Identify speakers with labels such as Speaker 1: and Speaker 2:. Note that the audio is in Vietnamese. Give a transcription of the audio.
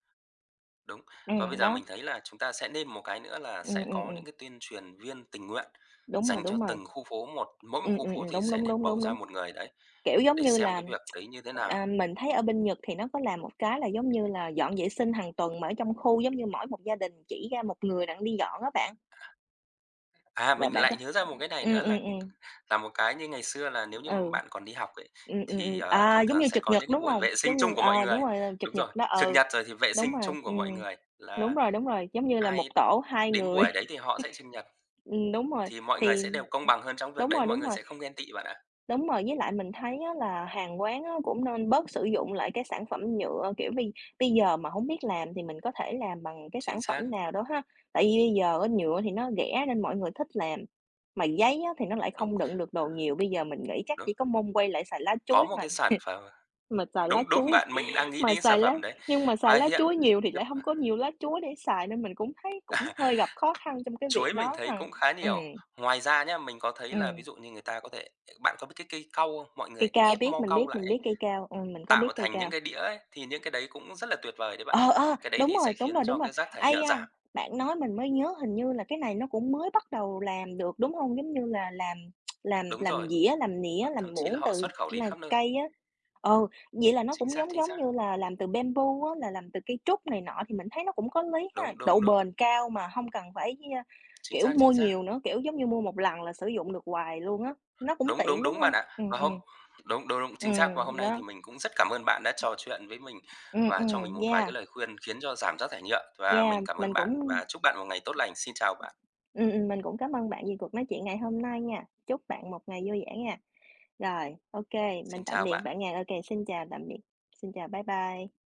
Speaker 1: Đúng. Và
Speaker 2: Ừm,
Speaker 1: bây giờ
Speaker 2: đó.
Speaker 1: mình thấy là chúng ta sẽ nên một cái nữa là sẽ
Speaker 2: Ừm, ừm,
Speaker 1: có
Speaker 2: ừm.
Speaker 1: những cái tuyên truyền viên tình nguyện
Speaker 2: Đúng rồi,
Speaker 1: dành cho
Speaker 2: đúng rồi.
Speaker 1: từng khu phố một. Mỗi một
Speaker 2: Ừm,
Speaker 1: khu
Speaker 2: ừm,
Speaker 1: phố
Speaker 2: ừm.
Speaker 1: thì
Speaker 2: Đúng,
Speaker 1: sẽ
Speaker 2: đúng,
Speaker 1: nên
Speaker 2: đúng,
Speaker 1: bầu
Speaker 2: đúng,
Speaker 1: ra
Speaker 2: đúng.
Speaker 1: 1 người đấy,
Speaker 2: Kiểu giống
Speaker 1: để
Speaker 2: như
Speaker 1: xem
Speaker 2: là,
Speaker 1: cái việc đấy như thế nào?
Speaker 2: ờ, mình thấy ở bên Nhật thì nó có làm một cái là giống như là dọn vệ sinh hàng tuần, mà ở trong khu giống như mỗi một gia đình chỉ ra 1 người đặng đi dọn á bạn.
Speaker 1: À, à,
Speaker 2: Và
Speaker 1: mình
Speaker 2: bạn có
Speaker 1: lại nhớ ra một cái này
Speaker 2: ừm,
Speaker 1: nữa
Speaker 2: ừm,
Speaker 1: là, ừm,
Speaker 2: ừm.
Speaker 1: là một cái như ngày xưa là nếu như mà
Speaker 2: Ừ.
Speaker 1: bạn còn đi học ấy,
Speaker 2: Ừm, ừm,
Speaker 1: thì,
Speaker 2: ừm,
Speaker 1: ờ,
Speaker 2: à,
Speaker 1: thường
Speaker 2: giống
Speaker 1: thường
Speaker 2: như
Speaker 1: sẽ
Speaker 2: trực
Speaker 1: có
Speaker 2: nhật,
Speaker 1: những cái
Speaker 2: đúng
Speaker 1: buổi
Speaker 2: hông?
Speaker 1: vệ sinh
Speaker 2: Giống như
Speaker 1: chung của mọi
Speaker 2: ờ, đúng
Speaker 1: người
Speaker 2: rồi, là
Speaker 1: đúng
Speaker 2: trực
Speaker 1: rồi,
Speaker 2: nhật đó.
Speaker 1: trực
Speaker 2: Ừ,
Speaker 1: nhật rồi thì vệ
Speaker 2: đúng
Speaker 1: sinh
Speaker 2: rồi,
Speaker 1: chung của mọi
Speaker 2: ừm,
Speaker 1: người
Speaker 2: đúng
Speaker 1: là
Speaker 2: rồi, đúng rồi. Giống như là 1
Speaker 1: ai
Speaker 2: tổ 2
Speaker 1: đến
Speaker 2: người.
Speaker 1: buổi đấy thì họ sẽ trực nhật.
Speaker 2: Ừm đúng rồi,
Speaker 1: Thì mọi người
Speaker 2: thì,
Speaker 1: sẽ
Speaker 2: ừm
Speaker 1: đều công bằng hơn trong cái việc
Speaker 2: đúng
Speaker 1: đấy,
Speaker 2: rồi,
Speaker 1: mọi
Speaker 2: đúng
Speaker 1: người
Speaker 2: rồi.
Speaker 1: sẽ không ghen tị bạn ạ.
Speaker 2: Đúng rồi. Với lại mình thấy á là hàng quán á, cũng nên bớt sử dụng lại cái sản phẩm nhựa. Kiểu, bây bây giờ mà hổng biết làm thì mình có thể làm bằng cái
Speaker 1: Chính
Speaker 2: sản phẩm
Speaker 1: xác.
Speaker 2: nào đó ha. Tại vì bây giờ á, nhựa thì nó rẻ nên mọi người thích làm, mà giấy á, thì nó lại
Speaker 1: Đúng.
Speaker 2: không đựng được đồ nhiều, bây giờ mình nghĩ chắc
Speaker 1: Đúng.
Speaker 2: chỉ có nước quay lại xài lá
Speaker 1: Có
Speaker 2: chuối,
Speaker 1: một
Speaker 2: mà
Speaker 1: cái sản phẩm
Speaker 2: mà xài lá
Speaker 1: đúng, đúng,
Speaker 2: chuối
Speaker 1: bạn, mình đang nghĩ
Speaker 2: mà
Speaker 1: đến cái
Speaker 2: xài
Speaker 1: sản
Speaker 2: lá
Speaker 1: phẩm đấy.
Speaker 2: nhưng mà xài
Speaker 1: Và
Speaker 2: lá
Speaker 1: hiện
Speaker 2: chuối nhiều thì lại hông
Speaker 1: [unintelligible]
Speaker 2: có nhiều lá chuối để xài. Nên mình cũng thấy cũng hơi gặp khó khăn trong cái việc
Speaker 1: Chuối mình
Speaker 2: đó
Speaker 1: thấy
Speaker 2: ha.
Speaker 1: cũng khá
Speaker 2: Ừm.
Speaker 1: nhiều. Ngoài ra nhá, mình có thấy
Speaker 2: Ừm.
Speaker 1: là ví dụ như người ta có thể bạn có biết cái cây cau hông? Mọi
Speaker 2: Cây
Speaker 1: người
Speaker 2: cau,
Speaker 1: ép
Speaker 2: biết,
Speaker 1: mo
Speaker 2: mình
Speaker 1: cau
Speaker 2: biết,
Speaker 1: lại
Speaker 2: mình
Speaker 1: ấy,
Speaker 2: biết cây cau. Ừm, mình có biết
Speaker 1: tạo
Speaker 2: cây
Speaker 1: thành những
Speaker 2: cau.
Speaker 1: cái đĩa ấy, thì những cái đấy cũng rất là tuyệt vời đấy bạn ạ.
Speaker 2: Ờ, ờ,
Speaker 1: Cái đấy
Speaker 2: đúng
Speaker 1: thì sẽ
Speaker 2: rồi, đúng
Speaker 1: khiến
Speaker 2: rồi, đúng
Speaker 1: cho
Speaker 2: rồi!
Speaker 1: cái rác thải
Speaker 2: Ây
Speaker 1: nhựa
Speaker 2: da,
Speaker 1: giảm.
Speaker 2: bạn nói mình mới nhớ hình như là cái này nó cũng mới bắt đầu làm được, đúng hông? Giống như là làm làm
Speaker 1: Đúng
Speaker 2: làm
Speaker 1: rồi.
Speaker 2: dĩa, làm
Speaker 1: Và
Speaker 2: nĩa, làm
Speaker 1: thậm chí là
Speaker 2: muỗng
Speaker 1: họ
Speaker 2: từ
Speaker 1: xuất khẩu đi
Speaker 2: là
Speaker 1: khắp nơi.
Speaker 2: cây á. Ừ, vậy là nó
Speaker 1: Chính
Speaker 2: cũng
Speaker 1: xác,
Speaker 2: giống
Speaker 1: chính
Speaker 2: giống
Speaker 1: xác.
Speaker 2: như là làm từ bamboo á, là làm từ cây trúc này nọ, thì mình thấy nó cũng có lý ha,
Speaker 1: Đúng,
Speaker 2: độ
Speaker 1: đúng, đúng.
Speaker 2: bền cao mà hông cần phải, ơ,
Speaker 1: Chính
Speaker 2: kiểu,
Speaker 1: xác,
Speaker 2: mua
Speaker 1: chính xác.
Speaker 2: nhiều nữa. Kiểu giống như mua một lần là sử dụng được hoài luôn á, nó cũng
Speaker 1: Đúng,
Speaker 2: tiện,
Speaker 1: đúng,
Speaker 2: đúng
Speaker 1: đúng,
Speaker 2: hông?
Speaker 1: bạn ạ.
Speaker 2: Ừm,
Speaker 1: Và hôm
Speaker 2: ừm.
Speaker 1: đúng, đúng, đúng, chính xác, và hôm
Speaker 2: Ừm,
Speaker 1: nay thì
Speaker 2: đó.
Speaker 1: mình cũng rất cảm ơn bạn đã trò chuyện với mình,
Speaker 2: Ừm,
Speaker 1: và cho mình
Speaker 2: ừm,
Speaker 1: một vài cái
Speaker 2: yeah.
Speaker 1: lời khuyên khiến cho giảm rác thải nhựa. Và
Speaker 2: Yeah,
Speaker 1: mình cảm
Speaker 2: mình
Speaker 1: ơn
Speaker 2: cũng,
Speaker 1: bạn và chúc bạn một ngày tốt lành. Xin chào bạn.
Speaker 2: ưm ừm, ừm, mình cũng cám ơn bạn vì cuộc nói chuyện ngày hôm nay nha. Chúc bạn một ngày vui vẻ nghe. Rồi, OK, mình
Speaker 1: Xin
Speaker 2: tạm
Speaker 1: chào
Speaker 2: biệt
Speaker 1: bạn.
Speaker 2: bạn nha. OK, xin chào, tạm biệt, xin chào, bye bye.